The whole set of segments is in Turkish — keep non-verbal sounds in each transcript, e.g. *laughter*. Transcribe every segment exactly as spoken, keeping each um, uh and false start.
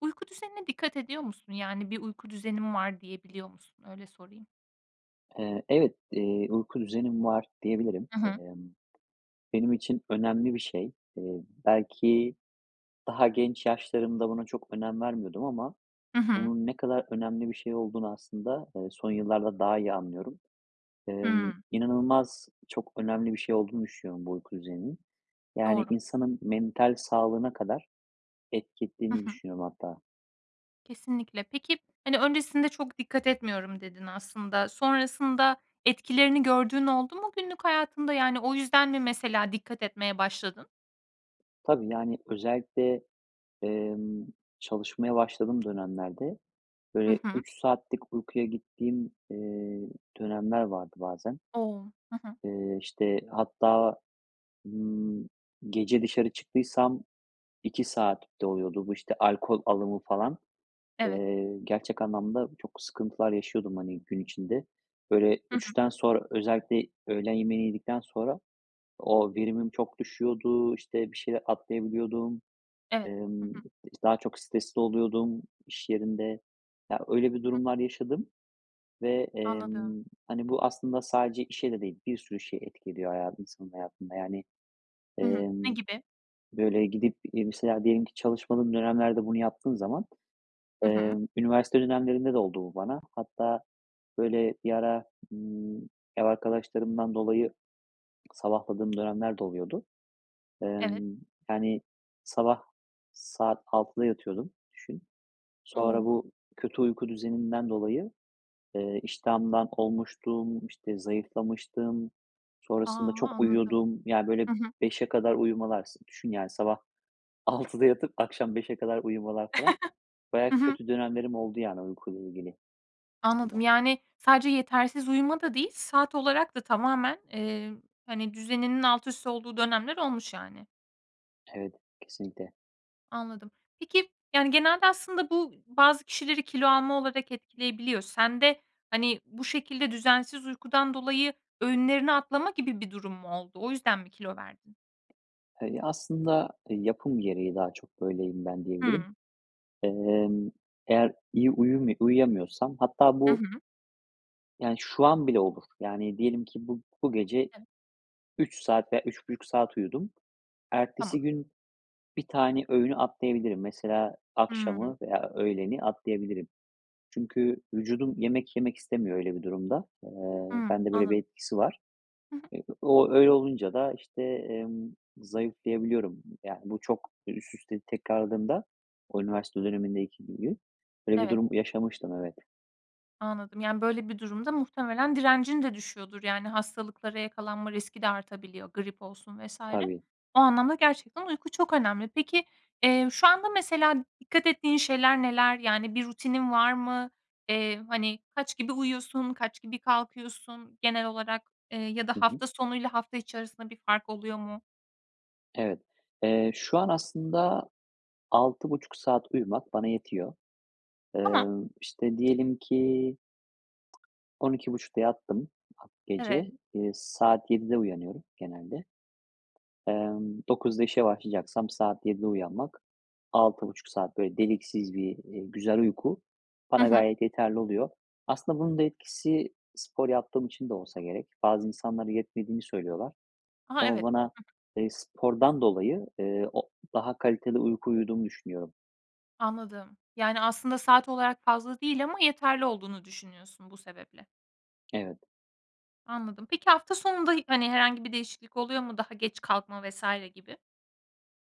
Uyku düzenine dikkat ediyor musun? Yani, bir uyku düzenim var diyebiliyor musun? Öyle sorayım. Eee, evet, eee, uyku düzenim var diyebilirim. I hı. Emm, benim için önemli bir şey. Eee, belki daha genç yaşlarımda buna çok önem vermiyordum ama I hı. bunun ne kadar önemli bir şey olduğunu aslında, eee, son yıllarda daha iyi anlıyorum. Emm, Hımm. inanılmaz çok önemli bir şey olduğunu düşünüyorum bu uyku düzeninin. Yani, Doğru. insanın mental sağlığına kadar etki I ettiğini hı. düşünüyorum hatta. Kesinlikle. Peki, hani, "Öncesinde çok dikkat etmiyorum." dedin aslında. Sonrasında etkilerini gördüğün oldu mu günlük hayatında, yani, o yüzden mi mesela dikkat etmeye başladın? Tabii, yani, özellikle, emm, çalışmaya başladığım dönemlerde, I böyle, hı. üç saatlik uykuyla gittiğim, eee, dönemler vardı bazen. O! Hı hı. Eee, işte, hatta, ımm, gece dışarı çıktıysam iki saat de oluyordu bu, işte, alkol alımı falan. Evet. Eee, gerçek anlamda çok sıkıntılar yaşıyordum, hani, gün içinde. Böyle, Hı hı. üçten sonra, özellikle öğlen yemeğini yedikten sonra o verimim çok düşüyordu, işte, bir şeyler atlayabiliyordum. Evet. Hı Emm, hı. daha çok stresli oluyordum iş yerinde. Ya, öyle bir Hı hı. durumlar yaşadım ve, Anladım. emm, hani, bu aslında sadece işe de değil, bir sürü şeye etki ediyor hayatı insanın hayatında, yani. Hı hı, ne Emm, gibi? böyle, gidip i mesela diyelim ki çalışmadığım dönemlerde bunu yaptığım zaman, I hı. emm Üniversite dönemlerinde de oldu bu bana hatta, böyle, bir ara, ımm, ev arkadaşlarımdan dolayı sabahladığım dönemler de oluyordu. Evet. Emm, yani, sabah saat altıda yatıyordum, düşün. Sonra O! bu kötü uyku düzeninden dolayı, eee, iştahımdan olmuştum, işte, zayıflamıştım, A, sonrasında çok anladım. uyuyordum. Yani, böyle, I hı. beşe kadar uyumalar s düşün, yani, sabah altıda yatıp akşam beşe kadar uyumalar falan. *chuckles* Bayağı Hı hı. kötü dönemlerim oldu, yani, uykuyla ilgili Anladım. aslında. Yani, sadece yetersiz uyuma da değil, saat olarak da tamamen, eee, hani, düzeninin altüst olduğu dönemler olmuş, yani. Evet, kesinlikle. Anladım. Peki, yani, genelde aslında bu bazı kişileri kilo alma olarak etkileyebiliyor. Sende, hani, bu şekilde düzensiz uykudan dolayı öğünlerini atlama gibi bir durum mu oldu? O yüzden mi kilo verdin? Eee, ya aslında yapım gereği daha çok böyleyim ben diyebilirim. Hıı. Emm, eğer iyi uyumu uyuyamıyorsam hatta Hı bu hı. yani şu an bile olur. Yani diyelim ki bu bu gece Evet. üç saat veya üç buçuk saat uyudum. Tamam. Ertesi gün bir tane öğünü atlayabilirim. Mesela Hıı. akşamı veya öğleni atlayabilirim. Çünkü vücudum yemek yemek istemiyor öyle bir durumda. Eee, Hıı, bende böyle bir anladım. etkisi var. Hı hı. Eee, o öyle olunca da, işte, emm, zayıflayabiliyorum. Yani, bu çok, eee, üst üste tekrarladığında o üniversite dönemindeki gibi. Öyle bir Evet. durum yaşamıştım, evet. Anladım, yani, böyle bir durumda muhtemelen direncin de düşüyordur, yani, hastalıklara yakalanma riski de artabiliyor, grip olsun vs. Tabii. o anlamda gerçekten uyku çok önemli. Peki, eee, şu anda mesela dikkat ettiğin şeyler neler? Yani, bir rutinin var mı? Eee, hani, kaç gibi uyuyorsun, kaç gibi kalkıyorsun genel olarak, eee, ya da Hı hı. hafta sonu ile hafta içerisinde bir fark oluyor mu? Evet, eee, şu an aslında altı buçuk saat uyumak bana yetiyor. Tamam. Iıı, işte, diyelim ki on iki buçukta yattım ha Evet. gece, ııı, saat yedide uyanıyorum genelde, ımm, dokuzda işe başlayacaksam saat yedide uyanmak, altı buçuk saat, böyle, deliksiz bir, iii, güzel uyku Hı bana hı. gayet yeterli oluyor. Aslında bunun da etkisi spor yaptığım için de olsa gerek. Bazı insanlar yetmediğini söylüyorlar. Aha, Ama evet. bana, Hı hı. ııı, spordan dolayı, ııı, o daha kaliteli uyku uyuduğumu düşünüyorum. Anladım. Yani, aslında saat olarak fazla değil ama yeterli olduğunu düşünüyorsun bu sebeple. Evet. Anladım. Peki, hafta sonunda hi hani, herhangi bir değişiklik oluyor mu? Daha geç kalkma vs. gibi.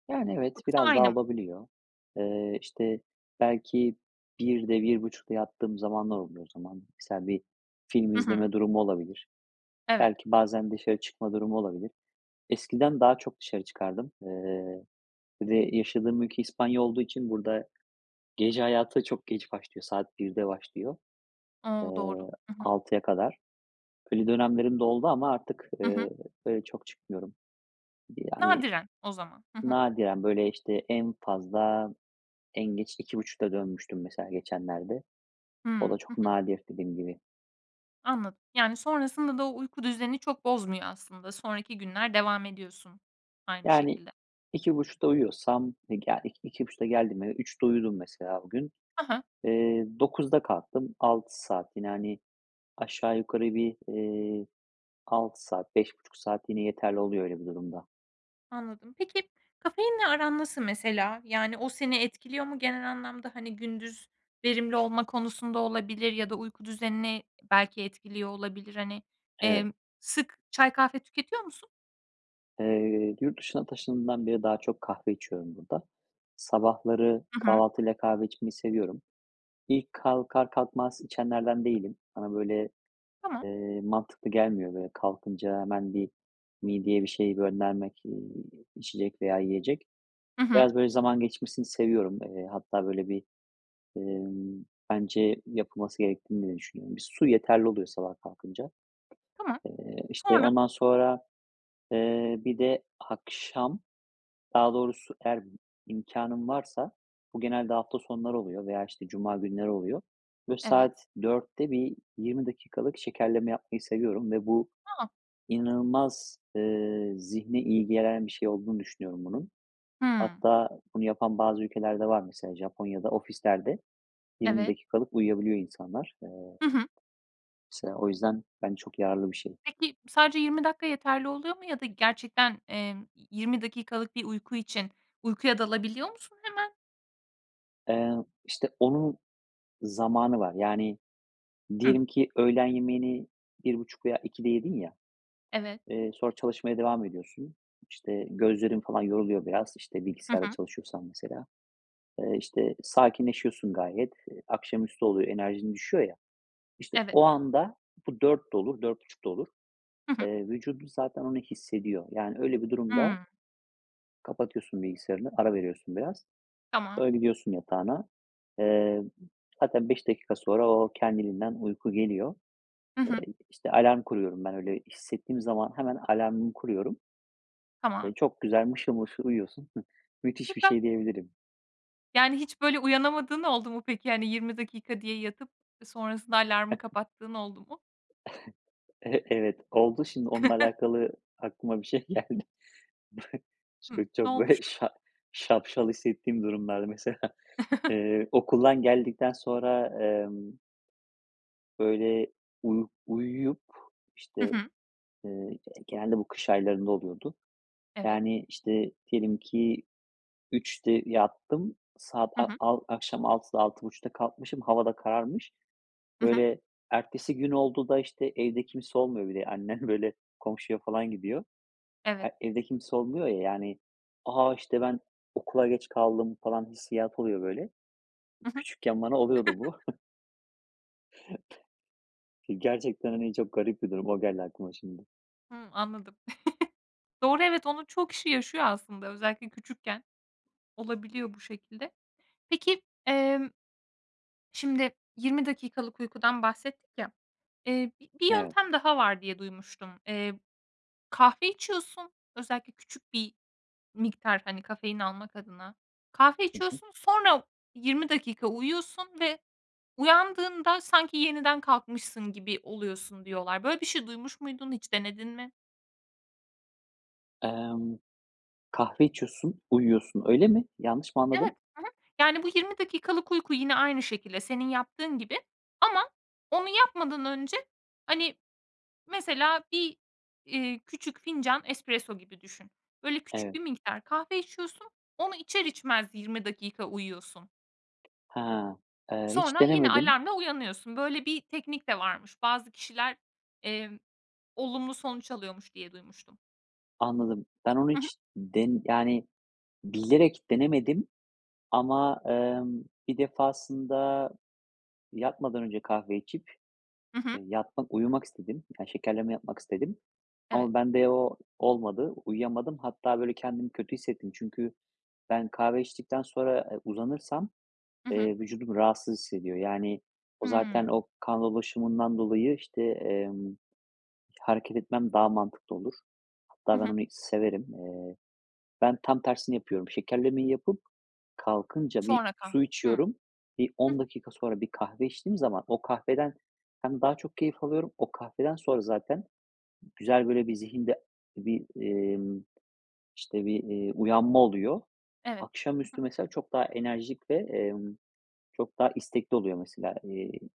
Yani, evet Yoksa biraz aynı daha mı? olabiliyor. Iıı, işte, belki birde, bir buçukta yattığım zamanlar oluyor o zaman. Misal bir film Hı izleme hı. durumu olabilir. Evet. Belki bazen dışarı çıkma durumu olabilir. Eskiden daha çok dışarı çıkardım, ııı, bir de yaşadığım ülke İspanya olduğu için burada gece hayatı da çok geç başlıyor. Saat birde başlıyor, O. Doğru. ııı, Hı hı. altıya kadar. Öyle dönemlerim de doldu ama artık, Hı hı. ııı, öyle çok çıkmıyorum. Bir de, yani, Nadiren o zaman. Hı hı. nadiren, böyle, işte, en fazla, en geç iki buçukta dönmüştüm mesela geçenlerde. Hımm. O da Hı çok hı. nadir dediğim gibi. Anladım. Yani, sonrasında da o uyku düzenini çok bozmuyor aslında. Sonraki günler devam ediyorsun aynı Yani, şekilde. iki buçukta uyuyorsam e ga iki, iki buçukta geldim eve üçte uyudum mesela o gün, Ha ha. eee, dokuzda kalktım. Altı saat yine, hani, aşağı yukarı bir, iii, altı saat, beş buçuk saat yine yeterli oluyor öyle bir durumda. Anladım. Peki, kafeinle aran nasıl mesela? Yani, o seni etkiliyor mu genel anlamda, hani, gündüz verimli olma konusunda olabilir ya da uyku düzenini belki etkiliyor olabilir, hani, Evet. emm, sık çay, kahve tüketiyor musun? Eee, yurt dışına taşındığımdan beri daha çok kahve içiyorum burada. Sabahları Hı hı. kahvaltıyla kahve içmeyi seviyorum. İlk, kalkar kalkmaz içenlerden değilim. Bana, böyle, Tamam. eee, mantıklı gelmiyor. Böyle, kalkınca hemen bir mideye bir şey göndermek, eee, içecek veya yiyecek. Hı hı. Biraz, böyle, zaman geçmesini seviyorum. Eee, hatta, böyle, bir, emm, bence yapılması gerektiğini de düşünüyorum. Bir su yeterli oluyor sabah kalkınca. Tamam. Eee, işte, Sonra? ondan sonra, eee, bir de akşam, daha doğrusu eğer b imkânım varsa, bu genelde hafta sonları oluyor veya, işte, cuma günleri oluyor. Böyle Evet. saat dörtte bir yirmi dakikalık şekerleme yapmayı seviyorum ve bu A a! inanılmaz, ııı, zihne iyi gelen bir şey olduğunu düşünüyorum, bunun. Hıı. Hatta bunu yapan bazı ülkeler de var, mesela Japonya'da ofislerde yirmi Evet. dakikalık uyuyabiliyor insanlar, eee Hı hı. mesela, o yüzden bence çok yararlı bir şey. Peki, sadece yirmi dakika yeterli oluyor mu ya da gerçekten, emm, yi yirmi dakikalık bir uyku için, uykuya dalabiliyor musun hemen? Eee, işte, onun zamanı var. Yani, Hıı. diyelim ki öğlen yemeğini bir buçuk veya ikide yedin ya, Evet. eee, sonra çalışmaya devam ediyorsun. İşte, gözlerin falan yoruluyor biraz. İşte, Hı bilgisayarda hı. çalışıyorsan mesela. Iıı, işte, sakinleşiyorsun gayet. Eee, akşamüstü oluyor, enerjin düşüyor ya. İşte, Eve o anda bu dörtte olur, dört buçukta olur. Hı hı. Eee, vücudun zaten onu hissediyor. Yani, öyle bir durumda Hıı. kapatıyorsun bilgisayarını. Ara veriyorsun biraz. Tamam. Öyle, gidiyorsun yatağına. Eee, m hatta beş dakika sonra o, kendiliğinden uyku geliyor. Hı hı. Eee, i işte alarm kuruyorum ben, öyle hissettiğim zaman hemen alarmımı kuruyorum. Tamam. Eee, çok güzel mışıl mışıl uyuyorsun. *chuckles* Müthiş bir Süper. şey diyebilirim. Yani, hiç, böyle, uyanamadığın oldu mu peki? Hani, yirmi dakika diye yatıp, ııı, sonrasında alarmı *unintelligible* kapattığın oldu mu? *chuckles* E evet, oldu. Şimdi onunla *chuckles* alakalı aklıma bir şey geldi. *chuckles* Hımm. Şimdi Ne çok, böyle, olmuştu? şa şapşal hissettiğim durumlarda mesela. *chuckles* Eee, okuldan geldikten sonra emm böyle, uyu uyuyup, i Hı şte, hı. eee, g genelde bu kış aylarında oluyordu. Evet. Yani, işte, diyelim ki üçte yattım. Saat Hı a hı. al akşam altıda altı buçukta kalkmışım, hava da kararmış. Hı hı. Böyle, ertesi gün oldu da, işte Evde kimse olmuyor bir de annem, böyle, komşuya falan gidiyor. E Evet. evde kimse olmuyor ya, yani, "A! İşte, ben okula geç kaldım." falan hissiyatı oluyor, böyle. Hı hı. Küçükken bana oluyordu bu. *chuckles* *chuckles* Gerçekten, hani, çok garip bir durum. O geldi aklıma şimdi. Hımm, anladım. *chuckles* Doğru, evet, onu çoğu kişi yaşıyor aslında. Özellikle küçükken olabiliyor bu şekilde. Peki, emm, şimdi, yirmi dakikalık uykudan bahsettik ya, eee, bi bir Evet. yöntem daha var diye duymuştum. Eee, kahve içiyorsun. Özellikle küçük bir miktar, hani, kafein almak adına kahve Hı hı. içiyorsun. Sonra yirmi dakika uyuyorsun ve uyandığında sanki yeniden kalkmışsın gibi oluyorsun diyorlar. Böyle bir şey duymuş muydun, hiç denedin mi? Emm. Kahve içiyorsun, uyuyorsun, öyle mi? Yanlış mı Evet. anladım? Hı hı. Yani, bu yirmi dakikalık uyku yine aynı şekilde, senin yaptığın gibi ama onu yapmadan önce, hani, mesela bir, eee, küçük fincan espresso gibi düşün. Böyle, küçük Evet. bir miktar kahve içiyorsun, onu içer içmez yirmi dakika uyuyorsun. Ha, Iıı, hiç Sonra yine denemedim. alarmla uyanıyorsun. Böyle bir teknik de varmış. Bazı kişiler, emm, olumlu sonuç alıyormuş diye duymuştum. Anladım. Ben onu Hı hı. hiç den yani, bilerek denemedim. Ama, emm, bir defasında yatmadan önce kahve içip, Hı hı. eee, yatmak uyumak istedim. Ya, şekerleme yapmak istedim. Evet. Ama bende o olmadı. Uyuyamadım. Hatta, böyle, kendimi kötü hissettim. Çünkü ben kahve içtikten sonra, eee, uzanırsam, Hı hı. eee, vücudum rahatsız hissediyor. Yani, o zaten Hıı. o kan dolaşımından dolayı, işte, emm, hareket etmem daha mantıklı olur. Hı Hatta ben hı. onu severim. Eee, ben tam tersini yapıyorum, şekerlemeyi yapıp kalkınca bir Sonra kahve. su Hı. Hı içiyorum. Bir hı. on dakika sonra bir kahve içtiğim zaman o kahveden hem daha çok keyif alıyorum. O kahveden sonra zaten güzel, böyle, bir zihinde bir, emm, işte, bir, eee, uyanma oluyor. Evet. Hı hı. Akşamüstü mesela çok daha enerjik ve, emm, çok daha istekli oluyor mesela, eee,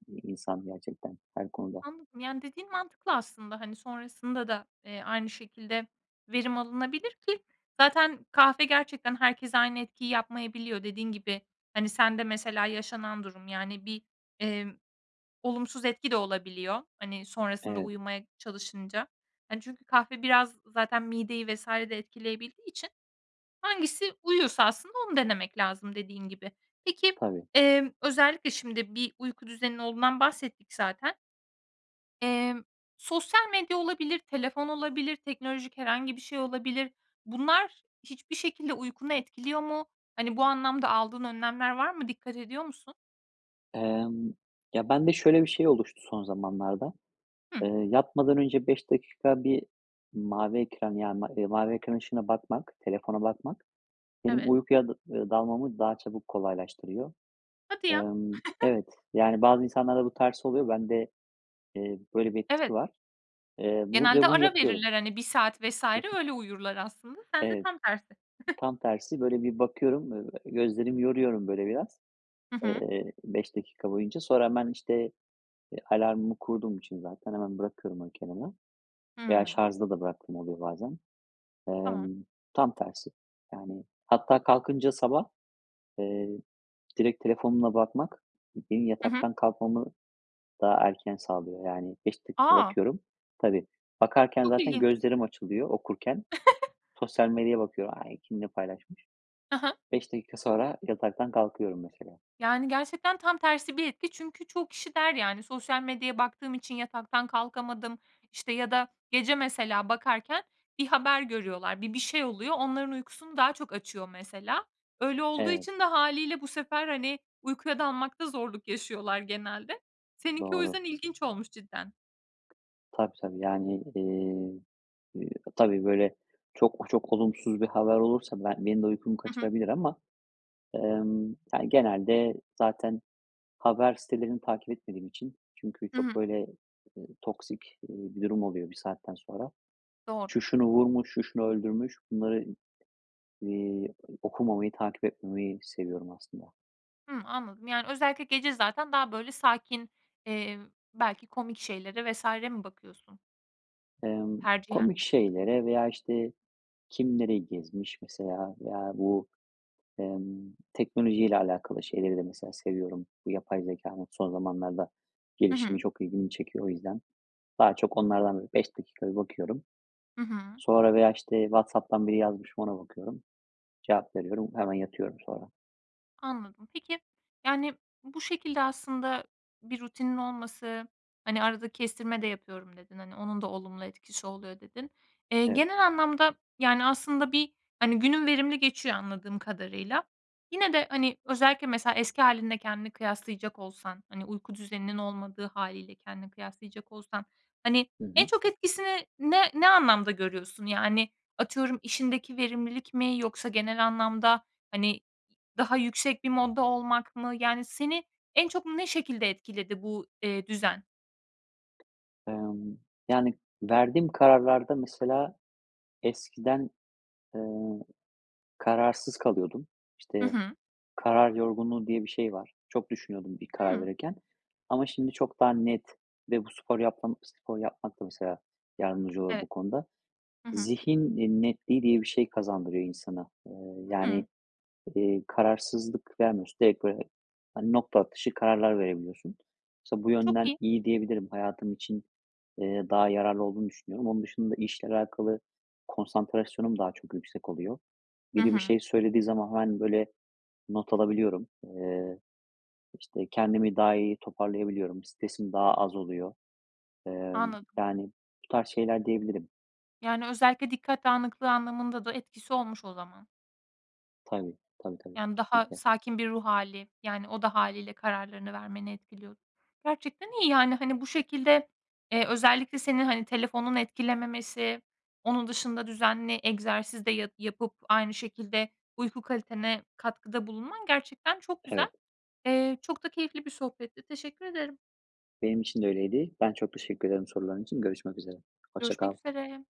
eee, insan gerçekten her konuda. Anladım, yani, dediğin mantıklı aslında. Hani, sonrasında da, eee, aynı şekilde verim alınabilir ki, zaten kahve gerçekten herkese aynı etkiyi yapmayabiliyor. Dediğin gibi, hani, sende mesela yaşanan durum, yani, bir, emm, olumsuz etki de olabiliyor, hani, sonrasında Evet. uyumaya çalışınca. Hani, çünkü kahve biraz zaten mideyi vs. de etkileyebildiği için hangisi uyuyorsa aslında onu denemek lazım dediğin gibi. Peki, Tabii. emm, özellikle şimdi bir uyku düzenin olduğundan bahsettik zaten Emm, sosyal medya olabilir, telefon olabilir, teknolojik herhangi bir şey olabilir. Bunlar hiçbir şekilde uykunu etkiliyor mu? Hani, bu anlamda aldığın önlemler var mı? Dikkat ediyor musun? Emm, ya bende şöyle bir şey oluştu son zamanlarda. Hıh. Eee, yatmadan önce beş dakika bir mavi ekran yani ma eee, mavi ekran ışığına bakmak, telefona bakmak benim Evet. uykuya dı eee, dalmamı daha çabuk kolaylaştırıyor. Hadi ya. Emm, *chuckles* evet, yani bazı insanlarda bu tersi oluyor. Bende, eee, böyle bir etkisi Evet. var. Eee, bu ve Genelde bunu ara yapıyorum. verirler, hani, bir saat vs. Hı hı. öyle uyurlar aslında sende Evet. tam tersi. *chuckles* Tam tersi, böyle bir bakıyorum. Ö eee, gözlerimi yoruyorum böyle biraz, Hı hı. eee, beş dakika boyunca. Sonra hemen işte, eee, alarmımı kurduğum için zaten hemen bırakıyorum onu kenara. Veya Hıı. şarjda da bıraktığım oluyor bazen. Tamam. Emm, tam tersi. Yani hatta kalkınca sabah, eee, direkt telefonuma bakmak benim Hı hı. yataktan kalkmamı daha erken sağlıyor yani beş dakika A! bakıyorum. Tabii bakarken Çok zaten ilginç. gözlerim açılıyor, okurken. *chuckles* Sosyal medyaya bakıyorum. Ay, kim ne paylaşmış? Hı hı. beş dakika sonra yataktan kalkıyorum mesela. Yani gerçekten tam tersi bir etki çünkü çoğu kişi der, yani, sosyal medyaya baktığım için yataktan kalkamadım, işte, ya da gece mesela bakarken bir haber görüyorlar, bir bir şey oluyor. Onların uykusunu daha çok açıyor mesela. Öyle olduğu Evet. için de hâliyle bu sefer, hani, uykuya dalmakta zorluk yaşıyorlar genelde. Seninki o Doğru. yüzden ilginç olmuş cidden. Tabii, tabii yani, iii. Eee, ııı, tabii böyle çok, çok olumsuz bir haber olursa ben benim de uykumu Hı hı. kaçırabilir ama, emm, ya genelde zaten haber sitelerini takip etmediğim için çünkü Hı çok hı. böyle, eee, toksik, eee, bir durum oluyor bir saatten sonra. Doğru. Şu şunu vurmuş. Şu şunu öldürmüş. Bunları i eee, okumamayı, takip etmemeyi seviyorum aslında. Hımm, anladım, yani, özellikle gece zaten daha, böyle, sakin, eee, belki komik şeylere vs. mi bakıyorsun? Emm, Tercihen. komik şeylere veya, işte, kim, nereyi gezmiş mesela veya bu, emm, teknolojiyle alakalı şeyleri de mesela seviyorum. Bu yapay zekânın son zamanlarda Hı gelişimi hı. çok ilgimi çekiyor. O yüzden daha çok onlardan da bir beş dakika bir bakıyorum. Hı hı. Sonra veya, işte, WhatsApp'tan biri yazmış mı ona bakıyorum, cevap veriyorum. Hemen yatıyorum sonra. Anladım. Peki, yani, bu şekilde aslında bir rutinin olması, hani, "arada kestirme de yapıyorum" dedin, hani, "onun da olumlu etkisi oluyor" dedin. Eee, Evet. genel anlamda, yani, aslında bir, hani, günün verimli geçiyor anladığım kadarıyla. Yine de, hani, özellikle mesela eski hâlinle kendini kıyaslayacak olsan, hani, uyku düzeninin olmadığı hâliyle kendini kıyaslayacak olsan, hani, Hı en hı. çok etkisini ne, ne anlamda görüyorsun? Yani, atıyorum işindeki verimlilik mi yoksa genel anlamda, hani, daha yüksek bir modda olmak mı? Yani, seni en çok ne şekilde etkiledi bu, eee, düzen? Emm, yani, verdiğim kararlarda mesela eskiden, eee, kararsız kalıyordum. Hı İşte, hı. "karar yorgunluğu" diye bir şey var. Çok düşünüyordum bir karar Hıı. verirken. Ama şimdi çok daha net ve bu sporu yapmam, spor yapmak da mesela yardımcı olur bu Evet, konuda. hı hı. Zihin, iii, netliği diye bir şey kazandırıyor insana. Eee, yani, Hıı. iii, kararsızlık vermiyorsun. Direkt böyle, hani, nokta atışı kararlar verebiliyorsun. Mesela bu Çok yönden iyi. iyi diyebilirim. Hayatım için, eee, daha yararlı olduğunu düşünüyorum. Onun dışında işle alakalı konsantrasyonum daha çok yüksek oluyor. Hı Biri bir hı. şey söylediği zaman hemen, böyle, not alabiliyorum. Eee, işte, kendimi daha iyi toparlayabiliyorum. Stresim daha az oluyor. Eee, Anladım. yani, bu tarz şeyler diyebilirim. Yani, özellikle dikkat dağınıklığı anlamında da etkisi olmuş o zaman. Tabii, tabii, tabii Yani, daha kesinlikle. sakin bir ruh hâli, yani, o da hâliyle kararlarını vermeni etkiliyod Gerçekten iyi, yani. Hani, bu şekilde, eee, özellikle seni, hani, telefonun etkilememesi, onun dışında düzenli egzersiz de ya yapıp aynı şekilde uyku kalitene katkıda bulunman gerçekten çok güzel. Evet. Eee, çok da keyifli bir sohbetti. Teşekkür ederim. Benim için de öyleydi. Ben çok teşekkür ederim soruların için. Görüşmek üzere. Hoşça Görüşmek kal. üzere.